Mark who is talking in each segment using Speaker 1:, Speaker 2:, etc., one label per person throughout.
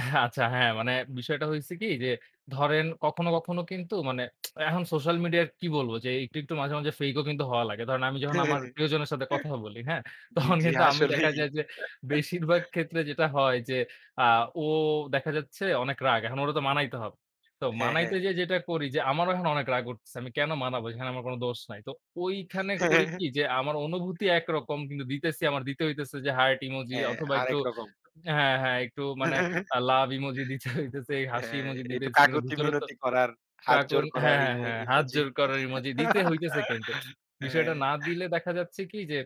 Speaker 1: হ্যাঁ, আচ্ছা হ্যাঁ মানে বিষয়টা হইছে কি? যে ধরেন কখনো কখনো কিন্তু মানে এখন সোশ্যাল মিডিয়ার কি বলবো? যে একটু, একটু, মাঝে, মাঝে, ফেইক ও কিন্তু হওয়া লাগে। ধরেন আমি যখন আমার প্রিয়জনের সাথে কথা বলি, হ্যাঁ?
Speaker 2: জ্বী,
Speaker 1: তখন
Speaker 2: জ্বী
Speaker 1: কিন্তু আমি দেখা
Speaker 2: আসলেই।
Speaker 1: যায় যে বেশিরভাগ ক্ষেত্রে যেটা হয় যে আ ও দেখা যাচ্ছে অনেক রাগ। এখন ওরে তো মানাইতে হবে। তো
Speaker 2: হ্যাঁ, হ্যাঁ।
Speaker 1: মানাইতে যেয়ে যেটা করি যে আমারও এখন অনেক রাগ উঠছে। আমি কেন মানাবো? এখানে আমার কোন দোষ নাই। তো ঐখানে করি কি যে আমার অনুভূতি একরকম, কিন্তু দিতেছি আমার দিতে হইতেছে যে হার্ট ইমোজি
Speaker 2: হ্যাঁ,
Speaker 1: অথবা
Speaker 2: আরেক
Speaker 1: একটু
Speaker 2: রকম।
Speaker 1: হ্যাঁ, হ্যাঁ, একটু মানে আ লাভ ইমোজি দিতে হইতেছে এই হাসি
Speaker 2: হ্যাঁ,
Speaker 1: ইমোজি
Speaker 2: একটু
Speaker 1: দিতেছে। কিন্তু ভিতরে তো
Speaker 2: কাকতি-মিনতি করার,
Speaker 1: কাকন
Speaker 2: হাতজোড় করার
Speaker 1: হ্যাঁ, হ্যাঁ,
Speaker 2: ইমো
Speaker 1: হ্যাঁ, হাত
Speaker 2: ইমোজি।
Speaker 1: জোড় করার ইমোজি দিতে হইতেছে কিন্তু।
Speaker 2: হ্যা।
Speaker 1: বিষয়টা না দিলে দেখা যাচ্ছে কি? যে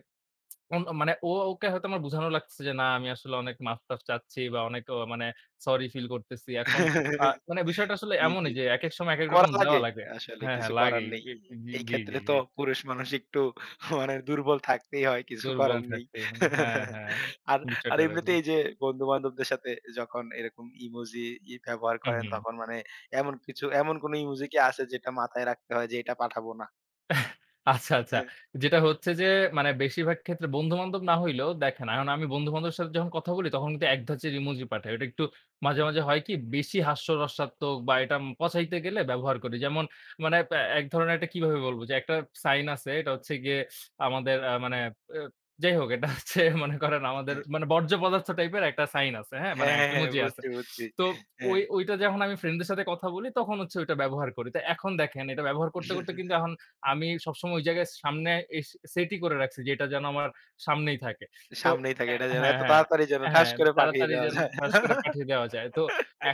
Speaker 1: মানে উম ও ওকে হয়তো আমার বুঝানো লাগতেছে যে না আমি আসলে অনেক মাফ-টাফ চাচ্ছি বা অনেক অ মানে সরি ফিল করতেছি। এখন আ মানে বিষয়টা আসলে
Speaker 2: জ্বী,
Speaker 1: এমনই
Speaker 2: জ্বী।
Speaker 1: যে একেক সময় একেক
Speaker 2: করা
Speaker 1: রকম দেওয়া
Speaker 2: লাগে,
Speaker 1: লাগে
Speaker 2: আসলে
Speaker 1: হ্যাঁ,
Speaker 2: কিছু
Speaker 1: হ্যাঁ,
Speaker 2: করার
Speaker 1: লাগেই।
Speaker 2: নেই।
Speaker 1: এ হু, হু, জি,
Speaker 2: এইক্ষেত্রে
Speaker 1: জি,
Speaker 2: তো
Speaker 1: জি।
Speaker 2: পুরুষ মানুষ একটু হ মানে দুর্বল থাকতেই হয়, কিছু
Speaker 1: দুর্বল
Speaker 2: করার নেই
Speaker 1: থাকতে হু, হ্যাঁ, হ্যাঁ।
Speaker 2: আর,
Speaker 1: বিশয়
Speaker 2: আর,
Speaker 1: টা [unintelligible]
Speaker 2: এমনিতেই যে বন্ধু-বান্ধবদের সাথে যখন এরকম ইমোজি ই ব্যবহার
Speaker 1: হু,
Speaker 2: করেন,
Speaker 1: হু।
Speaker 2: তখন মানে এমন কিছু, এমন কোন ইমোজি কি আছে যেটা মাথায় রাখতে হয় যে, "এটা পাঠাবো না?"
Speaker 1: আচ্ছা, আচ্ছা। যেটা হচ্ছে যে মানে বেশিরভাগ ক্ষেত্রে বন্ধু-বান্ধব না হইলেও দেখেন, এখন আমি বন্ধু-বান্ধবের সাথে যখন কথা বলি তখন কিন্তু এক ধাঁচের ইমোজি পাঠাই। ওটা একটু মাঝে, মাঝে, হয় কি? বেশি হাস্যরসাত্মক বা এটা উম পচাইতে গেলে ব্যবহার করি। যেমন মানে প্যা এক ধরনের একটা কিভাবে বলব? যে, একটা সাইন আছে, এটা হচ্ছে গিয়ে আমাদের আ মানে এ যাই হোক এটা হচ্ছে মনে করেন আমাদের
Speaker 2: হ্যাঁ।
Speaker 1: মানে বর্জ্য পদার্থ টাইপের একটা সাইন আছে, হ্যাঁ? মানে
Speaker 2: হ্যাঁ,
Speaker 1: আ
Speaker 2: হ্যাঁ, হ্যাঁ,
Speaker 1: ইমোজি আছে।
Speaker 2: বুঝছি, বুঝছি,
Speaker 1: তো ঐ
Speaker 2: হ্যাঁ
Speaker 1: ঐটা যখন আমি ফ্রেন্ড দের সাথে কথা বলি তখন হচ্ছে ওইটা ব্যবহার করি। তো এখন দেখেন এটা ব্যবহার করতে, করতে, কিন্তু এখন আমি সবসময় ওই জায়গায় সামনে এস সেট ই করে রাখছি যে এটা যেন আমার সামনেই থাকে। তো
Speaker 2: সামনেই থাকে
Speaker 1: অ্যা
Speaker 2: এটা যেন
Speaker 1: হ্যাঁ,
Speaker 2: এত
Speaker 1: হ্যাঁ,
Speaker 2: তাড়াতাড়ি যেন ঠাস
Speaker 1: হ্যাঁ,
Speaker 2: করে পাঠিয়ে
Speaker 1: তাড়াতাড়ি
Speaker 2: দেওয়া
Speaker 1: যেন
Speaker 2: যায়।
Speaker 1: ঠাস করে পাঠিয়ে দেওয়া যায়। তো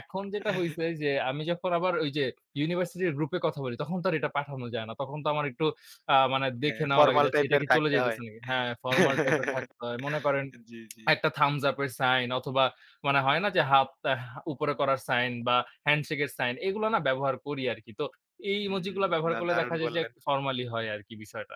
Speaker 1: এখন যেটা হইছে যে আমি যখন আবার ওই যে ইউনিভার্সিটি এর গ্রুপ এ কথা বলি, তখন তো আর এটা পাঠানো যায় না। তখন তো আমার একটু আ মানে
Speaker 2: হ্যাঁ,
Speaker 1: দেখে নেওয়া লাগে
Speaker 2: ফরমাল
Speaker 1: যে আচ্ছা এটা
Speaker 2: টাইপের
Speaker 1: কি চলে
Speaker 2: থাকতে হয়।
Speaker 1: যাইতেছে নাকি হ্যাঁ, ফরমাল টাইপ এর থাকতে হয়। মনে করেন
Speaker 2: জি, জি।
Speaker 1: একটা থাম্বস আপ এর সাইন অথবা মানে হয় না যে হাফ আ উপরে করার সাইন বা হ্যান্ডশেক এর সাইন এগুলো না ব্যবহার করি আরকি। তো এই ইমোজি
Speaker 2: উম
Speaker 1: গুলো ব্যবহার
Speaker 2: না,
Speaker 1: করলে
Speaker 2: দারুণ
Speaker 1: দেখা যায় যে এক
Speaker 2: বললেন।
Speaker 1: ফর্মালি হয় আরকি।